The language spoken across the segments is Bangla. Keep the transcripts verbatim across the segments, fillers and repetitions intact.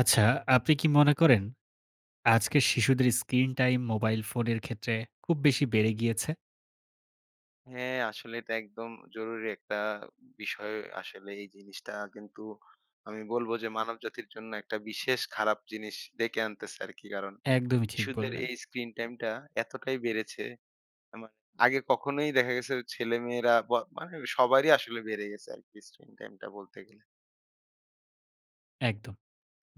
আচ্ছা, আপনি কি মনে করেন আজকের শিশুদের স্ক্রিন-টাইম মোবাইল ফোনের ক্ষেত্রে খুব বেশি বেড়ে গিয়েছে? হ্যাঁ আসলে এটা একদম জরুরি একটা বিষয় আসলে এই জিনিসটা। কিন্তু আমি বলবো যে মানবজাতির জন্য একটা বিশেষ খারাপ জিনিস ডেকে আনতেছে আরকি। কারণ একদমই ঠিক ইশুদের বললেন। এই স্ক্রিন-টাইমটা এতটাই বেড়েছে। অ্যা মানে আগে কখনোই দেখা গেছে ও ছেলে-মেয়েরা ব মানে সবারই আসলে বেড়ে গেছে আরকি স্ক্রিন-টাইমটা বলতে গেলে। একদম।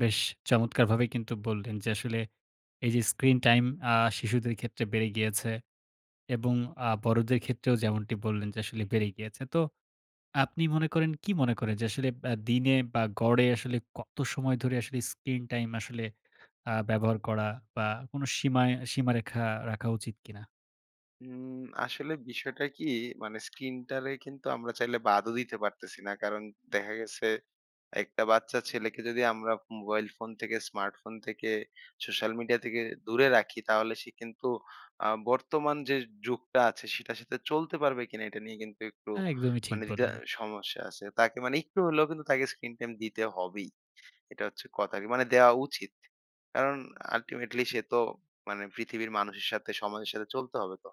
বেশ চমৎকারভাবেই কিন্তু বললেন যে আসলে এইযে স্ক্রিন-টাইম আ শিশুদের ক্ষেত্রে বেড়ে গিয়েছে। এবং আ বড়দের ক্ষেত্রেও যেমনটি বললেন যে আসলে বেড়ে গিয়েছে। তো আপনি মনে করেন কি মনে করেন যে আসলে ব্যা দিনে বা গড়ে আসলে কত সময় ধরে আসলে স্ক্রিন টাইম আসলে আ ব্যবহার করা বা কোন সীমা সীমারেখা রাখা উচিত কিনা? হুম আসলে বিষয়টা কি মানে স্ক্রিনটারে কিন্তু আমরা চাইলে বাদও দিতে পারতেছি না। কারণ দেখা গেছে একটা বাচ্চা ছেলেকে যদি আমরা মোবাইল ফোন থেকে, স্মার্টফোন থেকে, সোশ্যাল মিডিয়া থেকে দূরে রাখি, তাহলে সে কিন্তু আ বর্তমান যে যুগটা আছে সেটার সাথে চলতে পারবে কিনা এটা নিয়ে কিন্তু একটু হ্যাঁ একদমই ঠিক মানে যদি আ বললেন। সমস্যা আছে। তাকে মানে একটু হলেও কিন্তু তাকে স্ক্রিন টাইম দিতে হবেই। এটা হচ্ছে কথা আরকি, মানে দেওয়া উচিত। কারণ ultimately সে তো মানে পৃথিবীর মানুষের সাথে, সমাজের সাথে চলতে হবে তো।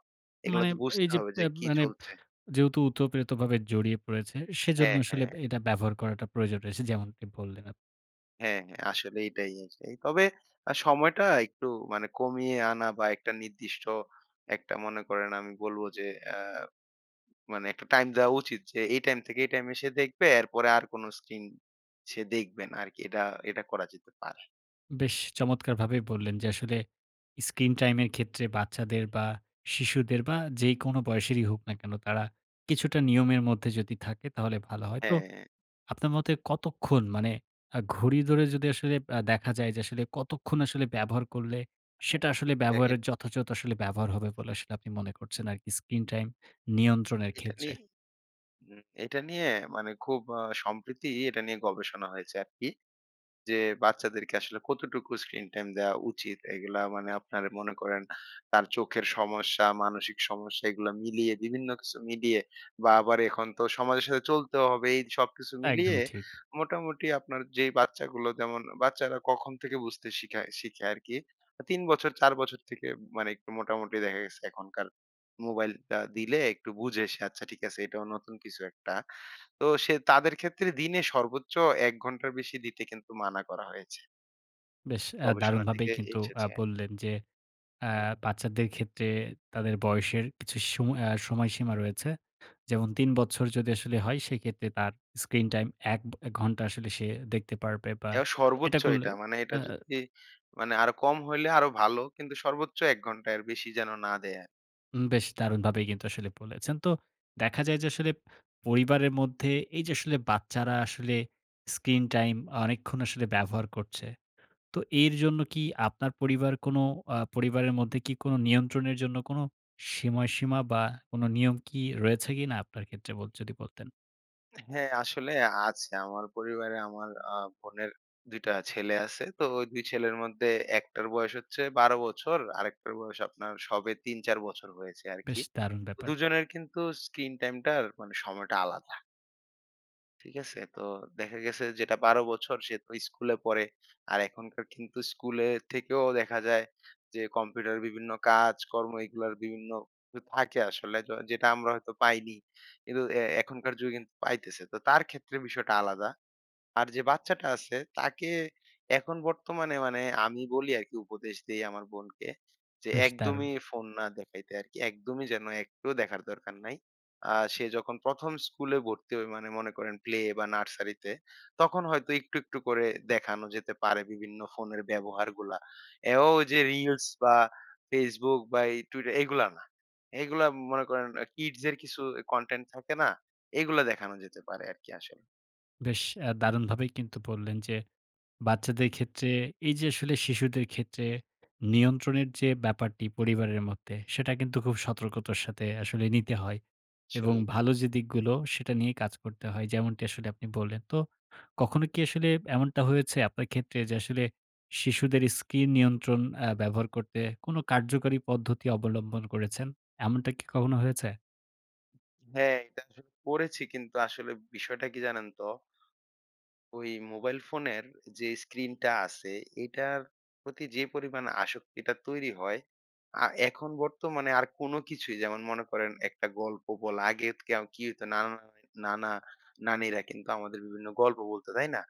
এগুলা মানে তো বুঝতে এইযে হবে যে ব্যা কি মানে চলছে। যেহেতু উতপ্রেতভাবে জড়িয়ে পড়েছে, সেইজন্য হ্যাঁ, আসলে হ্যাঁ। বে এটা ব্যবহার করাটা প্রয়োজন রয়েছে যেমনটি বললেন আপনি। হ্যাঁ, হ্যাঁ। আসলে এটাই আছে। তবে আ সময়টা একটু মানে কমিয়ে আনা বা একটা নির্দিষ্ট একটা মনে করেন, আমি বলব যে অ্যা মানে একটা টাইম দেওয়া উচিত। যে এই টাইম থেকে এই টাইমে সে দেখবে। এরপরে আর কোন স্ক্রিন সে দেখবে না আরকি। এটা এটা করা যেতে পারে। বেশ চমৎকারভাবেই বললেন যে আসলে স্ক্রিন-টাইমের এর ক্ষেত্রে বাচ্চাদের বা শিশুদের বা যেইকোন বয়সেরই হোক না কেন। তারা কিছুটা নিয়মের মধ্যে যদি থাকে তাহলে ভালো হয়। তো হ্যাঁ। আপনার মতে কতক্ষণ মানে আ ঘড়ি ধরে যদি আসলে অ্যা দেখা যায় যে আসলে কতক্ষণ আসলে ব্যবহার করলে, হ্যাঁ, সেটা হ্যাঁ। আসলে এ এর ব্যবহারের যথাযথ আসলে ব্যবহার হবে বলে আসলে আপনি মনে করছেন আরকি স্ক্রিন-টাইম নিয়ন্ত্রণের এটা ক্ষেত্রে? নিয়ে উম এটা নিয়ে মানে খুব আ সম্প্রীতি এটা নিয়ে গবেষণা হয়েছে আরকি। যে বাচ্চাদেরকে আসলে কতটুকু স্ক্রিন-টাইম দেওয়া উচিত? এইগুলা মানে আপনার মনে করেন তার চোখের সমস্যা, মানসিক সমস্যা এগুলা মিলিয়ে বিভিন্ন কিছু মিলিয়ে বা আবার এখন তো সমাজের সাথে চলতেও হবে। এই যে সবকিছু মিলিয়ে একদমই ঠিক। মোটামুটি আপনার যেই বাচ্চাগুলো যেমন, বাচ্চারা কখন থেকে বুঝতে শিখায় শিখে আরকি? আ তিন বছর, চার বছর থেকে মানে একটু মোটামুটি দেখা গেছে এখনকার মোবাইলটা দিলে একটু বুঝে সে। আচ্ছা, ঠিক আছে এটাও নতুন কিছু একটা। তো সে তাদের ক্ষেত্রে দিনে সর্বোচ্চ এক ঘন্টার বেশি দিতে কিন্তু মানা করা হয়েছে। বেশ অ্যা গবেষণা দারুণভাবেই থেকে কিন্তু আ এসেছে। বললেন, যে অ্যা হ্যাঁ। বাচ্চাদের ক্ষেত্রে তাদের বয়সের কিছু সময় আ সময়সীমা রয়েছে। যেমন তিন বচ্ছর যদি আসলে হয়, সেইক্ষেত্রে তার স্ক্রিন-টাইম এক এ ঘন্টা আসলে সে দেখতে পারবে বা যা এটা সর্বোচ্চ করলে এটা। মানে এটা আ আ যদি মানে আরো কম হইলে আরো ভালো। কিন্তু সর্বোচ্চ এক ঘন্টা, এর বেশি যেন না দেয়া উম বেশ দারুণভাবেই কিন্তু আসলে বলেছেন। তো দেখা যায় যে আসলে পরিবারের মধ্যে এই যে আসলে বাচ্চারা আসলে স্ক্রিন-টাইম অনেকক্ষণ আসলে ব্যবহার করছে। তো এর জন্য কি আপনার পরিবার কোন আ পরিবারের মধ্যে কি কোনো নিয়ন্ত্রণের জন্য কোনো সিময়সীমা বা কোনো নিয়ম কি রয়েছে কিনা? আপনার ক্ষেত্রে বত যদি বলতেন? হ্যাঁ আসলে আছে। আমার পরিবারে আমার আ বোনের দুই টা ছেলে আছে। তো দুই ছেলের মধ্যে এক টার বয়স হচ্ছে বারো বছর, আরেকটার বয়স আপনার সবে তিন-চার বছর হয়েছে আরকি। বেশ দারুণ তো ব্যাপার। দুজনের কিন্তু স্ক্রিন টাইম টার মানে সময়টা আলাদা। ঠিক আছে? তো দেখা গেছে যেটা বারো বছর সে তো স্কুলে পড়ে। আর এখনকার কিন্তু স্কুলে থেকেও দেখা যায় যে কম্পিউটারের বিভিন্ন কাজ কর্ম এগুলোর বিভিন্ন কিছু থাকে আসলে। য যেটা আমরা হয়তো পাইনি, কিন্তু এ এখনকার যুগে কিন্তু পাইতেছে। তো তার ক্ষেত্রে বিষয়টা আলাদা। আর যে বাচ্চাটা আছে তাকে এখন বর্তমানে মানে আমি বলি আরকি উপদেশ দেই আমার বোনকে, যে বেশ দারুন। একদমই ফোন না দেখাইতে আরকি। একদমই যেন একটুও দেখার দরকার নাই। আ সে যখন প্রথম স্কুলে ভর্তি হয়, মানে মনে করেন প্লে বা নার্সারিতে। তখন হয়তো একটু, একটু করে দেখানো যেতে পারে বিভিন্ন ফোনের ব্যবহারগুলা। অ্যাও ওই যে রিলস বা Facebook বা এই Twitter এগুলা না। এগুলা মনে করেন আ কিডস এর কিছু এ কনটেন্ট থাকে না? এগুলা দেখানো যেতে পারে আরকি আসলে। বেশ অ্যা দারুণভাবেই কিন্তু বললেন যে, বাচ্চাদের ক্ষেত্রে এই যে আসলে শিশুদের ক্ষেত্রে নিয়ন্ত্রণের যে ব্যাপারটি পরিবারের মধ্যে, সেটা কিন্তু খুব সতর্কতার সাথে আসলে নিতে হয়। এবং সলেই। ভালো যে দিকগুলো সেটা নিয়েই কাজ করতে হয়, যেমনটি আসলে আপনি বললেন। তো কখনো কি আসলে এমনটা হয়েছে আপনার ক্ষেত্রে? যে আসলে শিশুদের স্কিন নিয়ন্ত্রণ অ্যা ব্যবহার করতে কোন কার্যকারী পদ্ধতি অবলম্বন করেছেন? এমনটা কি কখনো হয়েছে? হ্যাঁ। এটা আসলে পড়েছি। কিন্তু আসলে বিষয়টা কি জানেন তো ওই মোবাইল ফোনের যে স্ক্রিনটা আছে, এটার প্রতি যে পরিমাণে আসক্তিটা তৈরি হয়, আ এখন বর্তমানে আর কোন কিছুই যেমন মনে করেন একটা গল্প বলা আগে কি আ কি হইতো? নানা, নানি নানা, নানিরা কিন্তু আমাদের বিভিন্ন গল্প বলত, তাই না?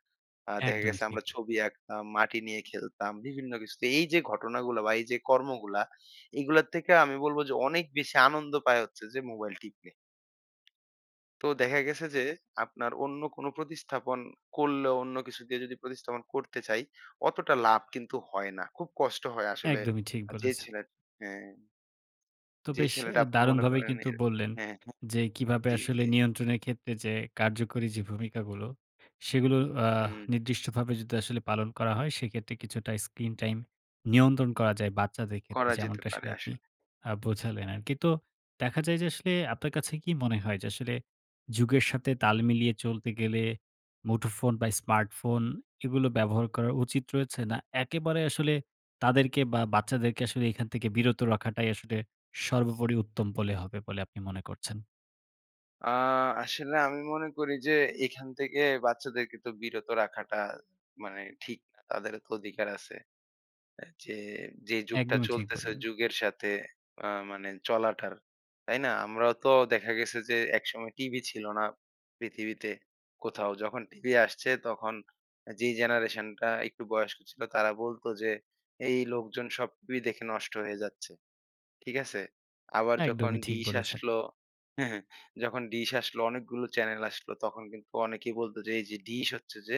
আ দেখা একদমই গেছে আমরা ঠিক। ছবি আঁকতাম। মাটি নিয়ে খেলতাম বিভিন্ন কিছু। তো এই যে ঘটনাগুলা বা এই যে কর্মগুলা এইগুলোর থেকে আমি বলবো যে অনেক বেশি আনন্দ পায় হচ্ছে যে মোবাইল টিপলে। তো দেখা গেছে যে আপনার অন্য কোন প্রতিস্থাপন করলে অন্য কিছু দিয়ে যদি প্রতিস্থাপন করতে চাই অতটা লাভ কিন্তু হয় না। খুব কষ্ট হয় আসলে একদমই ঠিক আ যে বলেছেন। ছেলে হ্যা। তো যে বেশ ছেলেটা এ আপনার মনে দারুণভাবেই করেন এ কিন্তু বললেন। হ্যাঁ, হ্যাঁ। যে কিভাবে জি, আসলে জি। নিয়ন্ত্রণের ক্ষেত্রে যে কার্যকরী যে ভূমিকাগুলো, সেগুলো আ হুম। নির্দিষ্টভাবে যদি আসলে পালন করা হয় সেইক্ষেত্রে কিছুটা স্ক্রিন-টাইম নিয়ন্ত্রণ করা যায় বাচ্চাদের ক্ষেত্রে করা যেতে যেমনটা আসলে পারে আপনি আসলে। আ বোঝালেন আরকি। তো দেখা যায় যে আসলে আপনার কাছে কি মনে হয়? যে আসলে যুগের সাথে তাল মিলিয়ে চলতে গেলে মুঠোফোন বা স্মার্টফোন এগুলো ব্যবহার করা উচিত রয়েছে? না একেবারে আসলে তাদেরকে বা বাচ্চাদেরকে আসলে এখান থেকে বিরত রাখাটাই আসলে সর্বোপরি উত্তম বলে হবে বলে আপনি মনে করছেন? আ আসলে আমি মনে করি যে এখান থেকে বাচ্চাদেরকে তো বিরত রাখাটা মানে ঠিক না। তাদেরও তো অধিকার আছে। অ্যা যে, যে যুগটা একদমই ঠিক চলতেছে, ওই বললেন। যুগের সাথে আ মানে চলাটার, তাই না? আমরাও তো দেখা গেছে যে একসময় টিভি ছিল না পৃথিবীতে কোথাও। যখন টিভি আসছে তখন যেই আ জেনারেশনটা একটু বয়স্ক ছিল তারা বলতো যে "এই লোকজন সব টিভি দেখে নষ্ট হয়ে যাচ্ছে।" ঠিক আছে? আবার যখন একদমই ঠিক ডিস বলেছেন। আসলো যখন ডিস আসলো, অনেকগুলো চ্যানেল আসলো, তখন কিন্তু অনেকেই বলত যে "এই যে ডিস হচ্ছে যে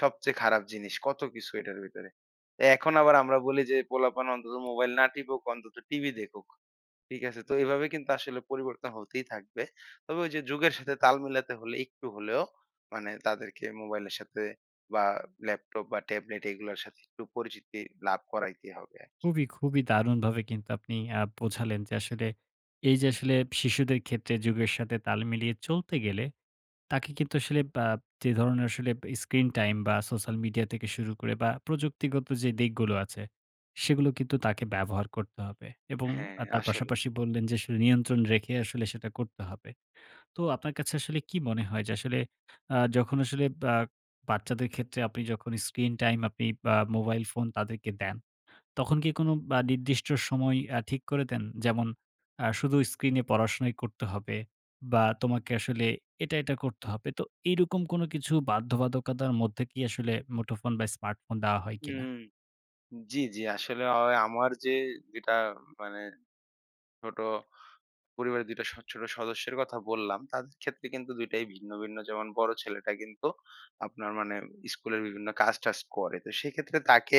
সবচেয়ে খারাপ জিনিস। কত কিছু এটার ভেতরে।' এখন আবার আমরা বলি যে "পোলাপান অন্তত মোবাইল না টিপুক অন্তত টিভি দেখুক।" ঠিক আছে? তো এভাবেই কিন্তু আসলে পরিবর্তন হতেই থাকবে। তবে ওই যে যুগের সাথে তাল মেলাতে হলে একটু হলেও মানে তাদেরকে মোবাইলের সাথে বা ল্যাপটপ বা ট্যাবলেট এইগুলোর সাথে একটু পরিচিতি লাভ করাইতেই হবে আরকি। খুবই, খুবই দারুণভাবে কিন্তু আপনি আ বোঝালেন যে, আসলে এই যে আসলে শিশুদের ক্ষেত্রে যুগের সাথে তাল মিলিয়ে চলতে গেলে তাকে কিন্তু আসলে বা যে ধরনের আসলে স্ক্রিন-টাইম বা সোশ্যাল মিডিয়া থেকে শুরু করে বা প্রযুক্তিগত যে দিকগুলো আছে, সেগুলো কিন্তু তাকে ব্যবহার করতে হবে। এবং হ্যাঁ, আ তার আসলেই। পাশাপাশি বললেন যে আসলে নিয়ন্ত্রণ রেখে আসলে সেটা করতে হবে। তো আপনার কাছে আসলে কী মনে হয়? যে আসলে আ যখন আসলে বা বাচ্চাদের ক্ষেত্রে আপনি যখন স্ক্রিন-টাইম আপনি আ মোবাইল ফোন তাদেরকে দেন, তখন কি কোনো আ নির্দিষ্ট সময় আ ঠিক করে দেন? যেমন আ শুধু স্ক্রিনে পড়াশোনাই করতে হবে। বা তোমাকে আসলে এটা, এটা করতে হবে। তো এইরকম কোনো কিছু বাধ্যবাধকতার মধ্যে কি আসলে মুঠোফোন বা স্মার্টফোন দেওয়া হয় কিনা? হুম। জি, জি। আসলে অ আমার যে যেটা মানে ছোট পরিবারের দুই টা স ছোট সদস্যের কথা বললাম। তাদের ক্ষেত্রে কিন্তু দুই টাই ভিন্ন, ভিন্ন। যেমন বড় ছেলেটা কিন্তু আপনার মানে স্কুলের বিভিন্ন কাজ-টাজ করে। তো সেইক্ষেত্রে তাকে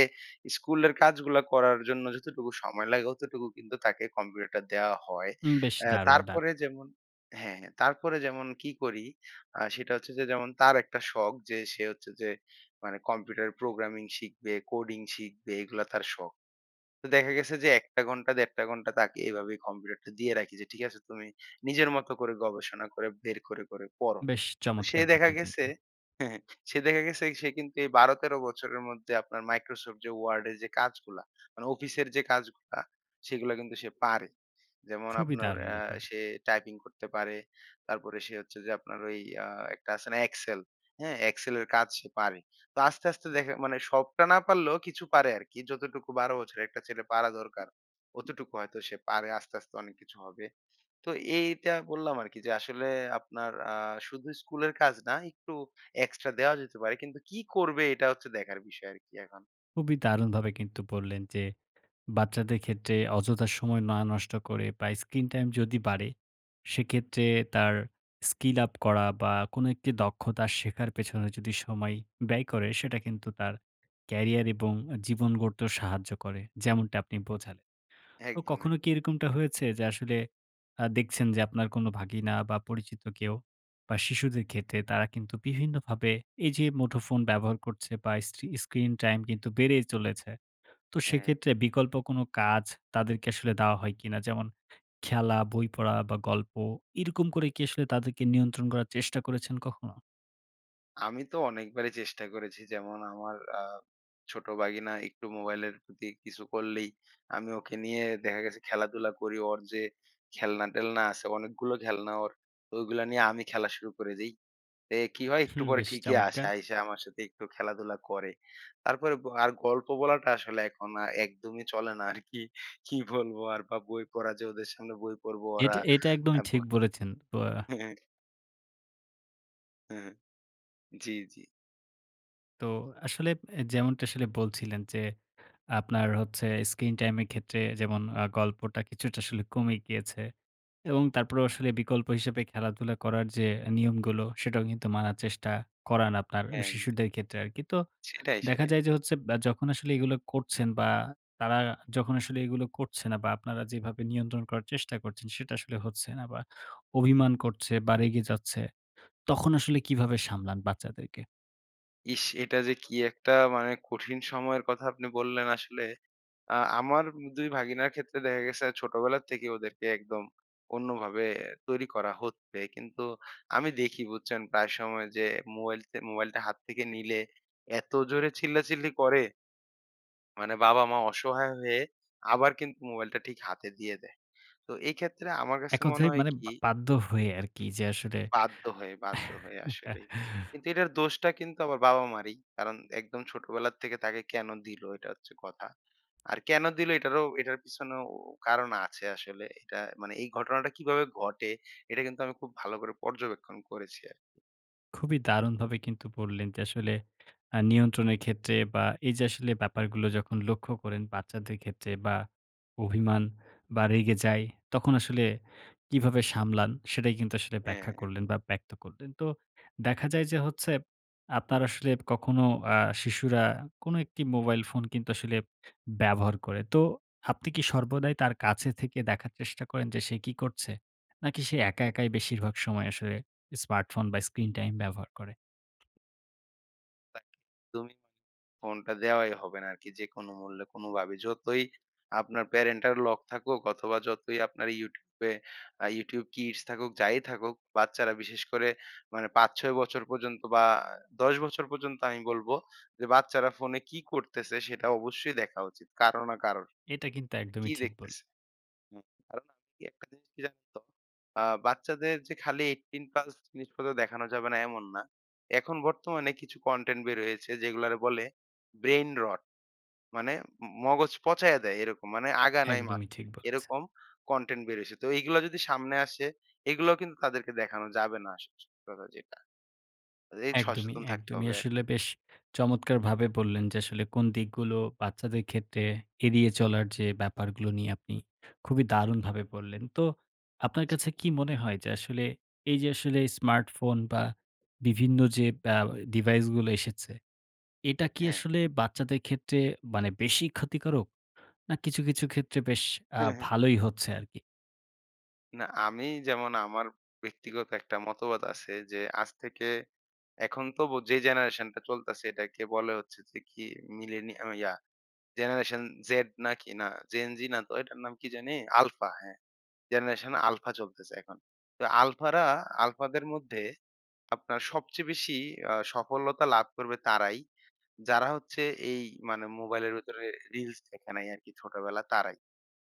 স্কুলের কাজগুলা করার জন্য যতটুকু সময় লাগে অতটুকু কিন্তু তাকে কম্পিউটারটা দেয়া হয়। উম বেশ অ্যা দারুণ, দারুণ! তারপরে যেমন হ্যাঁ, হ্যাঁ। তারপরে যেমন কি করি আ সেটা হচ্ছে যে যেমন তার একটা শখ যে সে হচ্ছে যে মানে কম্পিউটার প্রোগ্রামিং শিখবে, কোডিং শিখবে এগুলা তার শখ। তো দেখা গেছে যে এক টা ঘন্টা দেড় টা ঘন্টা তাকে এভাবে কম্পিউটারটা দিয়ে রাখি। যে ঠিক আছে তুমি নিজের মত করে গবেষণা করে বের করে, করে পড়ো। বেশ তো সে চমৎকার দেখা ব্যাপার গেছে কিন্তু। সে দেখা গেছে এই সে কিন্তু এই বারো-তেরো বছরের মধ্যে আপনার মাইক্রোসফট যে ওয়ার্ডের যে কাজগুলা, মানে অফিসের যে কাজগুলা সেইগুলা কিন্তু সে পারে। যেমন খুবই আপনার দারুণ অ্যা ব্যাপার। সে টাইপিং করতে পারে। তারপরে সে হচ্ছে যে আপনার ওই আ একটা আছে না এক্সেল? হ্যাঁ, এক্সেলের কাজ সে পারে। তো আস্তে, আস্তে দেখা মানে সবটা না পারলেও কিছু পারে আরকি। যতটুকু বারো বছরের একটা ছেলে পারা দরকার, অতটুকু হয়তো সে পারে। আস্তে, আস্তে অনেক কিছু হবে। তো এইটা বললাম আরকি যে আসলে আপনার আ শুধু স্কুলের কাজ না, একটু এক্সট্রা দেওয়া যেতে পারে। কিন্তু কি করবে? এটা হচ্ছে দেখার বিষয় আরকি এখন। খুবই দারুণভাবে কিন্তু বললেন যে বাচ্চাদের ক্ষেত্রে অযথা সময় না নষ্ট করে বা স্ক্রিন-টাইম যদি বাড়ে, সেক্ষেত্রে তার স্কিল আপ করা বা কোন একটি দক্ষতা শেখার পেছনে যদি সময় ব্যয় করে সেটা কিন্তু তার ক্যারিয়ার এবং অ্যা জীবন গড়তেও সাহায্য করে, যেমনটা আপনি বোঝালেন। একদম, তো একদ। কখনো কি এরকমটা হয়েছে যে আসলে আ দেখছেন যে আপনার কোনো ভাগিনা বা পরিচিত কেউ বা শিশুদের ক্ষেত্রে তারা কিন্তু বিভিন্নভাবে এই যে মুঠোফোন ব্যবহার করছে বা স্ট্রি স্ক্রিন টাইম কিন্তু বেড়েই চলেছে। তো হ্যাঁ। সেক্ষেত্রে বিকল্প কোনো কাজ তাদেরকে আসলে দাওয়া হয় কিনা? যেমন খেলা, বই পড়া বা গল্প? এইরকম করে কি আসলে তাদেরকে নিয়ন্ত্রণ করার চেষ্টা করেছেন কখনো? আমি তো অনেকবারই চেষ্টা করেছি। যেমন আমার আ ছোট ভাগিনা একটু মোবাইলের প্রতি কিছু করলেই আমি ওকে নিয়ে দেখা গেছে খেলাধুলা করি। অর যে খেলনা-টেলনা আছে অনেকগুলো খেলনা ওর। তো ওইগুলো নিয়ে আমি খেলা শুরু করে দেই। এ কী হয়? একটু হুম। পরে বেশ ঠিকই আসে, চমৎকার! আইসা আমার সাথে একটু খেলাধুলা করে। তারপরে গ আর গল্প বলাটা আসলে এখন আ একদমই চলে না আর কি। কি বলবো আর বা বই পড়া যে ওদের সামনে বই পড়বো এট ওরা এটা একদমই অ্যা ঠিক বই বলেছেন ব আ জি, জি। তো আসলে অ্যা যেমনটা আসলে বলছিলেন যে আপনার হচ্ছে স্ক্রিন-টাইমের ক্ষেত্রে যেমন আ গল্পটা কিছুটা আসলে কমে গিয়েছে। এবং তারপরেও আসলে বিকল্প হিসাবে খেলাধুলা করার যে অ্যা নিয়মগুলো, সেটাও কিন্তু মানার চেষ্টা করান আপনার হ্যাঁ। শিশুদের ক্ষেত্রে আরকি। তো সেটাই, দেখা সেটাই। যায় যে হচ্ছে বা যখন আসলে এগুলো করছেন বা তারা যখন আসলে এগুলো করছেনা বা আপনারা যেইভাবে নিয়ন্ত্রণ করার চেষ্টা করছেন, সেটা আসলে হচ্ছে না বা অভিমান করছে বা রেগে যাচ্ছে, তখন আসলে কীভাবে সামলান বাচ্চাদেরকে? ইস! এটা যে কি একটা মানে কঠিন সময়ের কথা আপনি বললেন আসলে। আ আমার উম দুই ভাগিনার ক্ষেত্রে দেখা গেছে ছোটবেলা থেকেই ওদেরকে একদম অন্যভাবে তৈরি করা হচ্ছে। কিন্তু আমি দেখি, বুঝছেন? প্রায় সময় যে মোবাইলতে মোবাইলটা হাত থেকে নিলে, এত জোরে চিল্লাচিল্লি করে! মানে বাবা-মা অসহায় হয়ে আবার কিন্তু মোবাইলটা ঠিক হাতে দিয়ে দেয়। তো এক্ষেত্রে আমার কাছে এক মনে কথায় হয় মানে কি বা বাধ্য হয়ে আর কি। যে আসলে বাধ্য হয়ে, বাধ্য হয়ে আসলেই। কিন্তু এটার দোষটা কিন্তু আমার বাবা-মা'রই। কারণ একদম ছোটবেলার থেকে তাকে কেনো দিলো? এটা হচ্ছে কথা। আর কেন দিল? এটারও এটার পিছনেও কারণ আছে আসলে। এটা মানে এই ঘটনাটা কিভাবে ঘটে? এটা কিন্তু আমি খুব ভালো করে পর্যবেক্ষণ করেছি আরকি। খুবই দারুণভাবে কিন্তু বললেন যে আসলে আ নিয়ন্ত্রণের ক্ষেত্রে বা এই যে আসলে ব্যাপারগুলো যখন লক্ষ্য করেন বাচ্চাদের ক্ষেত্রে বা অভিমান বা রেগে যায়, তখন আসলে কীভাবে সামলান? সেটাই কিন্তু আসলে হ্যাঁ, ব্যাখ্যা হ্যাঁ। করলেন বা ব্যক্ত করলেন। তো দেখা যায় যে হচ্ছে আপনার আসলে কখনো আ শিশুরা কোনো একটি মোবাইল ফোন কিন্তু আসলে ব্যবহার করে। তো আপনি কি সর্বদাই তার কাছে থেকে দেখার চেষ্টা করেন যে সে কি করছে? নাকি সে একা, একাই বেশিরভাগ সময় স্মার্টফোন বা স্ক্রিন-টাইম ব্যবহার করে? তা [unintelligible] তুমি ফোনটা দেওয়াই হবে না আরকি যেকোনো মূল্যে কোন ভাবে। যতই আপনার parental lock থাকুক অথবা যতই আপনার YouTube এ আ YouTube Kids থাকুক, যাই থাকুক বাচ্চারা বিশেষ করে মানে পাঁচ-ছয় বছর পর্যন্ত বা দশ বছর পর্যন্ত আমি বলব যে বাচ্চারা ফোনে কি করতেছে? সেটা অবশ্যই দেখা উচিত কারো না কারোর। এটা কিন্তু কি একদমই ঠিক বললে দেখতেছে? হ্যাঁ তার মানে কি একটা জিনিস কি জানেন তো? আ বাচ্চাদের যে খালি এইটটিন প্লাস জিনিসপত্র দেখানো যাবে না এমন না। এখন বর্তমানে কিছু কনটেন্ট বের হয়েছে যেগুলারে বলে Brain Rot। মানে ম মগজ পচাইয়া দেয় এরকম। মানে আগা নাই একদমই মাথা ঠিক নাই বলেছেন। এরকম কনটেন্ট বের হইছে। তো এইগুলা যদি সামনে আসে, এগুলাও কিন্তু তাদেরকে দেখানো যাবে না আসলে সত্যি কথা যেইটা। আ এই একদমই, সসেতন থাকতে একদমই। হবে আরকি। আসলে বেশ চমৎকারভাবে বললেন যে আসলে কোন দিকগুলো বাচ্চাদের ক্ষেত্রে এড়িয়ে চলার যে ব্যাপারগুলো নিয়ে আপনি খুবই দারুণভাবে বললেন। তো আপনার জি। কাছে কি মনে হয়? যে আসলে এই যে আসলে স্মার্টফোন বা বিভিন্ন যে ব্যা ডিভাইস গুলো এসেছে। এটা কি হ্যাঁ। আসলে বাচ্চাদের ক্ষেত্রে মানে বেশিই ক্ষতিকারক? না কিছু, কিছু ক্ষেত্রে বেশ আ হ্যাঁ, হ্যাঁ। ভালোই হচ্ছে আরকি? না আমি যেমন আমার ব্যক্তিগত একটা মতবাদ আছে যে আজ থেকে এখনতবো যে জেনারেশন টা চলতাছে এটাকে বলে হচ্ছে যে কি মিলিনিয়া ও ইয়া জেনারেশন জেড নাকি? না জেন-জি না তো এটার নাম কি জানি? আলফা হ্যাঁ। জেনারেশন আলফা চলতেছে এখন। তো আলফারা আলফাদের মধ্যে আপনার সবচেয়ে বেশি আ সফলতা লাভ করবে তারাই, যারা হচ্ছে এই মানে মোবাইলের ভেতরে রিলস দেখে নাই আরকি ছোটবেলা তারাই।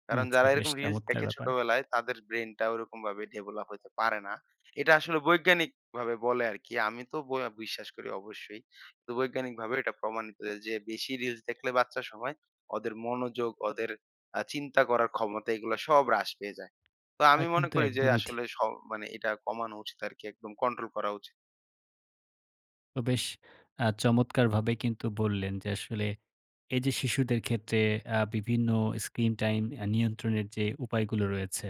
কারণ আচ্ছা যারা বেশ এরকম রিলস চমৎকার দেখে ব্যাপার! ছোটবেলায় তাদের ব্রেইনটা ওইরকমভাবে ডেভেলপ হইতে পারে না। এটা আসলে বৈজ্ঞানিকভাবে বলে আরকি। আমি তো ব বিশ্বাস করি অবশ্যই। তো বৈজ্ঞানিকভাবেও এটা প্রমাণিত যে বেশি রিলস দেখলে বাচ্চা সময়ে, ওদের মনোযোগ, ওদের আ চিন্তা করার ক্ষমতা এগুলো সব হ্রাস পেয়ে যায়। তো তা আমি মনে কিন্তু করি যে একদমই ঠিক। আসলে স মানে এটা কমানো উচিত আরকি। একদম কন্ট্রোল করা উচিত। তো বেশ আ চমৎকারভাবেই কিন্তু বললেন যে আসলে এই যে শিশুদের ক্ষেত্রে আ বিভিন্ন স্ক্রিন-টাইম অ্যা নিয়ন্ত্রণের যে উপায়গুলো রয়েছে।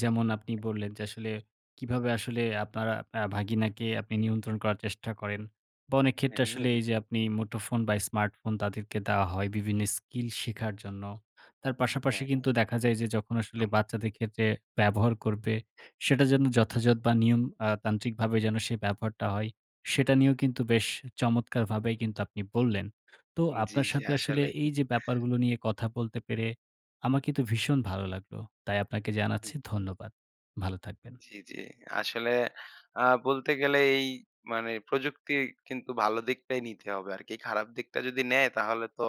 যেমন আপনি বললেন যে আসলে কীভাবে আসলে আপনারা আ ভাগিনাকে আপনি নিয়ন্ত্রণ করার চেষ্টা করেন? বা অনেক হ্যাঁ। ক্ষেত্রে আসলে এই যে আপনি মুঠোফোন বা স্মার্টফোন তাদেরকে দেওয়া হয় বিভিন্ন স্কিল শেখার জন্য। তার পাশাপাশি হ্যাঁ, হ্যাঁ। কিন্তু দেখা যায় যে যখন আসলে একদম। বাচ্চাদের ক্ষেত্রে ব্যবহার করবে, সেটা যেন যথাযদ বা নিয়ম আ তান্ত্রিকভাবে যেন সে ব্যবহারটা হয়, সেটা নিয়েও কিন্তু বেশ চমৎকারভাবেই কিন্তু আপনি বললেন। তো উম জি, আপনার জি। সাথে আসলে আসলেই। এই যে ব্যাপারগুলো নিয়ে কথা বলতে পেরে আমার কিন্তু ভীষণ ভালো লাগলো। তাই আপনাকে হুম। জানাচ্ছি ধন্যবাদ। ভালো থাকবেন। জি, জি। আসলে আ বলতে গেলে এই মানে প্রযুক্তি কিন্তু ভালো দিকটাই নিতে হবে আর কি। খারাপ দিকটা যদি নেয় তাহলে তো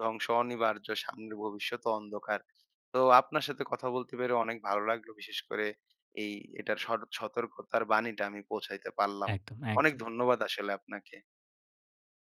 ধ্বংস অনিবার্য, সামনের ভবিষ্যৎ ও অন্ধকার। তো আপনার সাথে কথা বলতে পেরে অনেক ভালো লাগলো। বিশেষ করে এই এটার সর সতর্কতার বাণীটা আমি পৌঁছাইতে পারলাম। একদম, অনেক একদম। ধন্যবাদ আসলে আপনাকে।